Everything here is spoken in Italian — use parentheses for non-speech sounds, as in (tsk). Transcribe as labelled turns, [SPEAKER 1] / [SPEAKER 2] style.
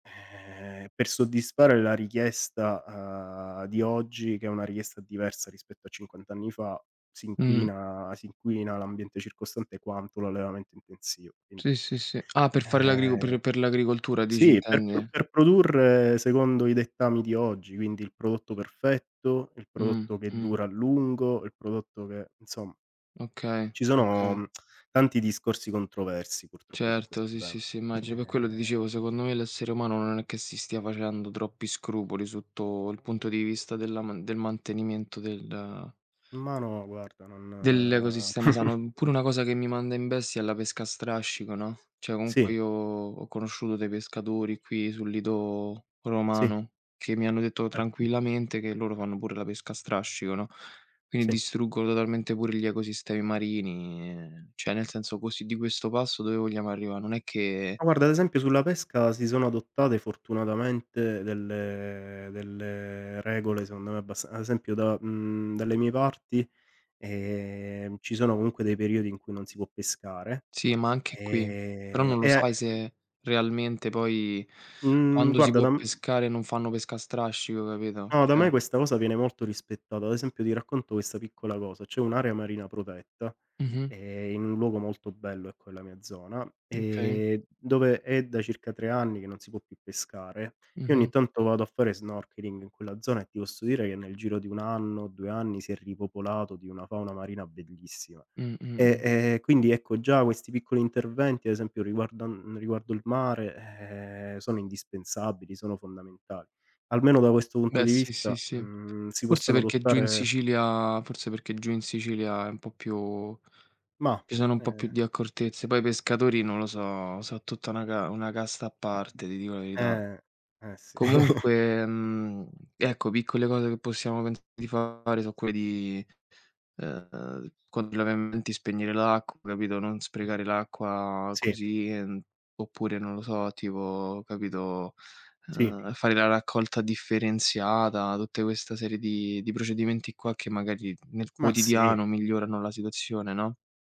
[SPEAKER 1] Ehm, per soddisfare la richiesta, ehm, di oggi, che è una richiesta diversa rispetto a cinquant' anni fa, si
[SPEAKER 2] Mh.
[SPEAKER 1] inquina si inquina l'ambiente circostante quanto l'allevamento intensivo, quindi
[SPEAKER 2] Sì, sì, sì. Ah, per fare l'agricol
[SPEAKER 1] ehm,
[SPEAKER 2] per per l'agricoltura, dici,
[SPEAKER 1] sì, per pr
[SPEAKER 2] intendi?
[SPEAKER 1] per produrre secondo i dettami di oggi, quindi il prodotto perfetto, il
[SPEAKER 2] Mh,
[SPEAKER 1] prodotto che
[SPEAKER 2] mh.
[SPEAKER 1] dura a lungo, il prodotto che insom
[SPEAKER 2] Okay,
[SPEAKER 1] Ci
[SPEAKER 2] okay.
[SPEAKER 1] sono (tsk) tanti discorsi controversi purtroppo su
[SPEAKER 2] Certo,
[SPEAKER 1] questo
[SPEAKER 2] sì, sì,
[SPEAKER 1] tema,
[SPEAKER 2] sì, immagino. Per quello ti
[SPEAKER 1] eh.
[SPEAKER 2] dicevo, secondo me l'essere umano non è che si stia facendo troppi scrupoli sotto il punto di vista della man del mantenimento del
[SPEAKER 1] Ma no guarda non
[SPEAKER 2] dell'ecosistema sano.
[SPEAKER 1] (scoffs)
[SPEAKER 2] Mh, pure una cosa che mi manda in bestia è la pesca a strascico, no. Cioè,
[SPEAKER 1] Sì.
[SPEAKER 2] comunque io ho conosciuto dei pescatori qui sul lido
[SPEAKER 1] Sì.
[SPEAKER 2] romano che mi hanno detto
[SPEAKER 1] Certo.
[SPEAKER 2] tranquillamente che loro fanno pure la pesca a strascico, no. Quindi
[SPEAKER 1] Sì.
[SPEAKER 2] distruggono totalmente pure gli ecosistemi marini e cioè, nel senso, così, di questo passo dove vogliamo arrivare? Non è che
[SPEAKER 1] Ma guarda, ad esempio sulla pesca si sono adottate fortunatamente delle delle regole secondo me abbasta ad esempio da mhmm, dalle mie parti, ehm, ci sono comunque dei periodi in cui non si può pescare,
[SPEAKER 2] Sì, ma anche qui, però
[SPEAKER 1] ehm,
[SPEAKER 2] non lo
[SPEAKER 1] e
[SPEAKER 2] sai
[SPEAKER 1] mh
[SPEAKER 2] se realmente poi,
[SPEAKER 1] mh
[SPEAKER 2] quando si
[SPEAKER 1] guarda
[SPEAKER 2] può
[SPEAKER 1] da m
[SPEAKER 2] pescare non fanno pesca a strascico, capito,
[SPEAKER 1] No, da me
[SPEAKER 2] cioè
[SPEAKER 1] questa cosa viene molto rispettata. Ad esempio, ti racconto questa piccola cosa: c'è un'area marina protetta,
[SPEAKER 2] Mh-mh.
[SPEAKER 1] eh, in un luogo molto bello, ecco, nella mia zona
[SPEAKER 2] Okay.
[SPEAKER 1] e dove è da circa 3 anni che non si può più pescare. Io ogni
[SPEAKER 2] Mh-mh.
[SPEAKER 1] tanto vado a fare snorkeling in quella zona e ti posso dire che nel giro di 1 anno, 2 anni si è ripopolato di una fauna marina bellissima.
[SPEAKER 2] Mh, mh,
[SPEAKER 1] E
[SPEAKER 2] mh.
[SPEAKER 1] e e quindi, ecco, già questi piccoli interventi, ad esempio, riguardan riguardo il mare, eh, sono indispensabili, sono fondamentali. Almeno da questo punto
[SPEAKER 2] Beh,
[SPEAKER 1] di
[SPEAKER 2] sì, sì,
[SPEAKER 1] vista,
[SPEAKER 2] sì.
[SPEAKER 1] mh, si
[SPEAKER 2] Forse
[SPEAKER 1] possono
[SPEAKER 2] perché giù in
[SPEAKER 1] adottare
[SPEAKER 2] Sicilia forse perché giù in Sicilia è un po' più
[SPEAKER 1] Mah,
[SPEAKER 2] ci sono un po' più
[SPEAKER 1] eh
[SPEAKER 2] di accortezze. Poi i pescatori, non lo so, so tutta una ca una casta a parte, ti dico la verità.
[SPEAKER 1] Eh, eh sì. (chuckles)
[SPEAKER 2] Comunque, mhmm, ecco, piccole cose che possiamo pensare di fare so' quelle di, eh, quando laviamo i denti spegnere l'acqua, capito, non sprecare l'acqua
[SPEAKER 1] Sì.
[SPEAKER 2] così. Ehm, oppure non lo so, tipo, capito,
[SPEAKER 1] Sì.
[SPEAKER 2] eh, fare la raccolta differenziata, tutte questa serie di di procedimenti qua che magari nel
[SPEAKER 1] Ma sì.
[SPEAKER 2] quotidiano migliorano la situazione, no.